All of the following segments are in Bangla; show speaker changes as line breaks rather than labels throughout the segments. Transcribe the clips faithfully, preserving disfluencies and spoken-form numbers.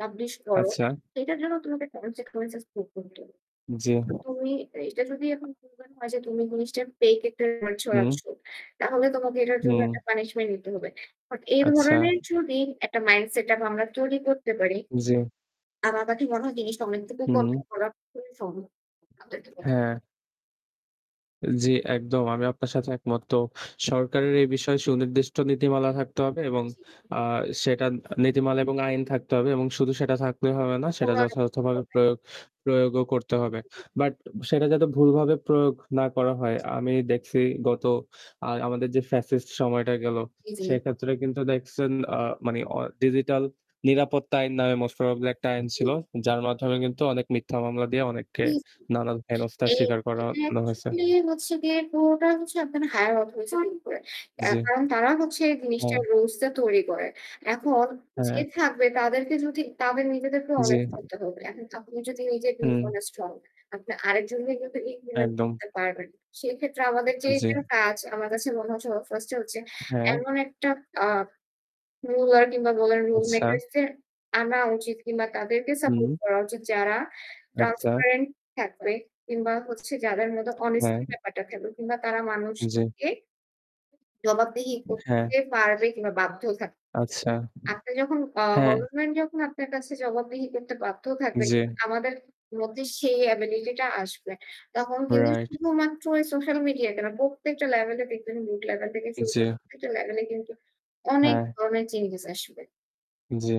পাবলিশ করো।
আচ্ছা।
সেইটার জন্য তোমাকে consequences পড়তে হতো।
জি।
তো তুমি এইটা যদি এখন ফুন ব্যানও হয় যে তুমি জিনিসটার ফেইক একটা রিউমার
উম।
ছড়াচ্ছ। তাহলে তোমাকে এটার জন্য
উম।
একটা পানিশমেন্ট নিতে হবে। কারণ এই
আচ্ছা।
ধরনের যদি একটা মাইন্ড সেটআপ আমরা তৈরি করতে পারি,
জি।
আমার কাছে মনে হয় জিনিসটা অনেকটুকু
উম।
কনট্রোল করা পুরো সম্ভব। [unintelligible]
হ্যাঁ। জি, একদম। আমি আপনার সাথে একমত। তো সরকারের এই বিষয়ে সুনির্দিষ্ট নীতিমালা থাকতে হবে এবং
জি, জি।
আ সেটা নীতিমালা এবং আইন থাকতে হবে; এবং শুধু সেটা থাকলেই হবে না, সেটা
প্রমাণও করতে
যথাযথভাবে
হবে।
প্রয়োগ প্রয়োগও করতে হবে।
জি।
বাট সেটা যাতে ভুলভাবে প্রয়োগ না করা হয়। আমি দেখছি গত আ আমাদের যে ফ্যাসিস্ট সময়টা গেল,
ই জি।
সেক্ষেত্রে কিন্তু দেখসেন আ মানে অ ডিজিটাল 'নিরাপত্তা আইন' নামে মোস্ট প্রবাবলি একটা
ই
আইন ছিল।
জি।
যার মাধ্যমে কিন্তু অনেক মিথ্যা মামলা দিয়ে অনেককে
[unintelligible]
নানান হেনস্তার
এ
স্বীকার
এটা
করানো হইসে।
actually হচ্ছে গিয়ে পুরোটাই হচ্ছে আপনার higher অথরিচি এর উপরে। অ্যা
জি।
কারণ তারা হচ্ছে
হ্যাঁ।
জিনিসটার রুলসটা তৈরি করে। এখন যে
হ্যাঁ।
থাকবে, তাদেরকে যদি তাদের নিজেদেরকেও
জি।
অনেস্ট হইতে হবে। এখন খাপনি যদি নিজে
হুম।
dishonest হন, আপনি আরেকজনরে কিন্তু implement
একদম।
করতে পারবেন না। সেক্ষেত্রে আমাদের যে
জি।
এটার কাজ আমার কাছে মনে হচ্ছে ও first এ হচ্ছে
হ্যাঁ।
এমন একটা আ রুলার কিংবা বলেন রুল
আচ্ছা।
মেকারসদের আনা উচিত কিংবা তাদেরকে সাপোর্ট
হুম।
করা উচিত যারা
আচ্ছা।
transparent থাকবে, কিংবা হচ্ছে যাদের মধ্যে অনেস্টি
হ্যাঁ।
ব্যাপারটা থাকবে, কিংবা তারা
জি।
মানুষকে জবাবদিহি
হ্যাঁ।
করতে পারবে কিংবা বাধ্য থাকবে।
আচ্ছা।
আপনি যখন আ
হ্যাঁ।
গভর্নমেন্ট যখন আপনার কাছে জবাবদিহি করতে বাধ্য থাকবে
জি।
কিংবা আমাদের মধ্যে সেই অ্যাবিলিটিটা আসবে, তখন কিন্তু
রাইট।
শুধুমাত্র এই সোশ্যাল মিডিয়াকে না, প্রত্যেকটা লেভেলে দেখবেন রুট লেভেল থেকে শুরু করে
জি।
প্রত্যেকটা লেভেলেই কিন্তু অনেক
হ্যাঁ।
ধরনের চেঞ্জেস আসবে।
জি।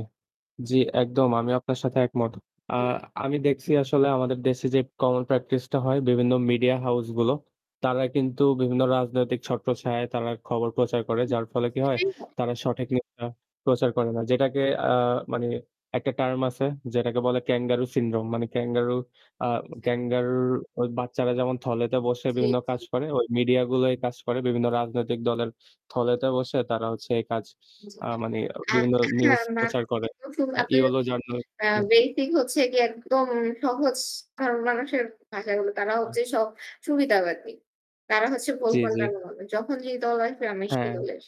জি, একদম। আমিও আপনার সাথে একমত। আ
হুম।
আমি দেখসি আসলে আমাদের দেশে যে common practice টা হয়, বিভিন্ন মিডিয়া হাউসগুলো, তারা কিন্তু বিভিন্ন রাজনৈতিক ছট্রছায়া তারা খবর প্রচার করে।
জি,
যার ফলে কী হয়?
সেটাই হয়।
তারা সঠিক নিউজটা প্রচার করে না। যেটাকে অ্যা মানে একটা টার্ম আছে যেটাকে বলে Kangaroo Syndrome মানে ক্যাঙ্গারু আ
জি।
ক্যাঙ্গারুর ওই বাচ্চারা যেমন থলেতে বসে
জি,
বিভিন্ন কাজ
জি।
করে, ওই মিডিয়াগুলো এই কাজ করে। বিভিন্ন রাজনৈতিক দলের থলেতে বসে তারা হচ্ছে এই কাজ
জি।
আ মানে
আর
বিভিন্ন নিউজ
[unintelligible]
প্রচার করে। আ
আপনি যদি
ইয়েলো
আ
জার্নালিজম।
বেসিক হচ্ছে গিয়ে একদম সহজ সাধারণ মানুষের ভাষায় বলি, তারা
আ
হচ্ছে সব সুবিধাবাদী। তারা হচ্ছে ভোল
জি, জি।
পাল্টানো দলে। যখন যেই দল আসবে, আমি সেই
হ্যাঁ।
দলের।